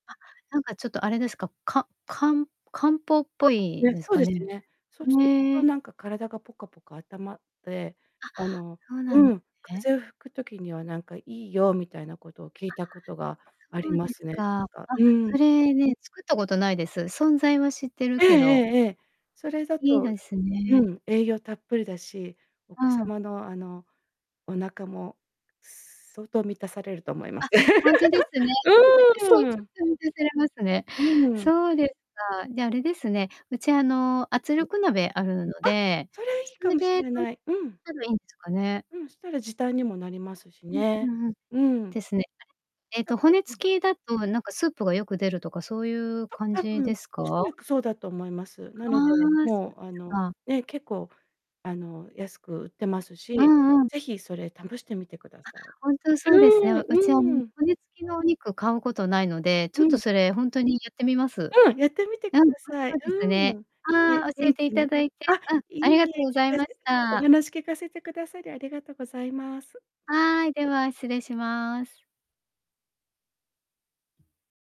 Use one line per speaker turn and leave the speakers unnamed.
あ、なんか、ちょっとあれですか、かか漢方っぽい です
そう
か
です
ね？
ね。そうする
へ
と、
え。
なんか、体がポカポカあったまって、
あ、
あの、
そうな
う
んで
ん。
すね。
風邪を引く時には、なんかいいよみたいなことを聞
あ、
いたことがあ
そ
り
う
ま
です
すね。
か。
か
あ、
うん。
それね、作ったことないです。存在は知ってる
ええ
けど。
ええええ。それだ
いい
と、
で
きっ
す
と、う
ね。
ん。栄養たっぷりだし、お子
うん。
様の、あの、お腹も相当満たされると思いま
あ、
す。
本当ですね。
うーん。
されますね。
うーん。
そうですか。じゃ、あれですね。うちあの、圧
はい。
力鍋あるの
あ、
で、
それい
そ
いか
れ
もし
で
れ ない。うん。
ばいいんですかね。
うん、したら時短にもなりますし
うんう
ね。
んうん。
うん。
ですね。えっと、骨
うん。
付きだと、なんか、スープがよく出るとか、そういう 感
多
じ
分、
です
おそ
か？
らくそうだと思います。な
ああ。
ので、
そうです
もう、あの
か。
ね、結構、あの、安く売ってます
う
し、
んうん。
ぜひそれ試してみてくだ
あ、
さい。
本当そうです
うーん。
ね。うちは骨
うーん。
付きのお肉買うことないので、ちょ
う
っと
ん。
それ、本当にやってみます。
うん、やってみてく
うん。おいし
ださ
そ
い。
うです
う
ね。
ーん。
あ
ね、
あ、教え
元
てい
気
た
に
だいて、
あ、
うん、
い
あ
い
りがとう
え、
ござい
聞か
ま
せ
し
てお
た。
話聞かせてくださりありがとうございます。
はい。では、失礼します。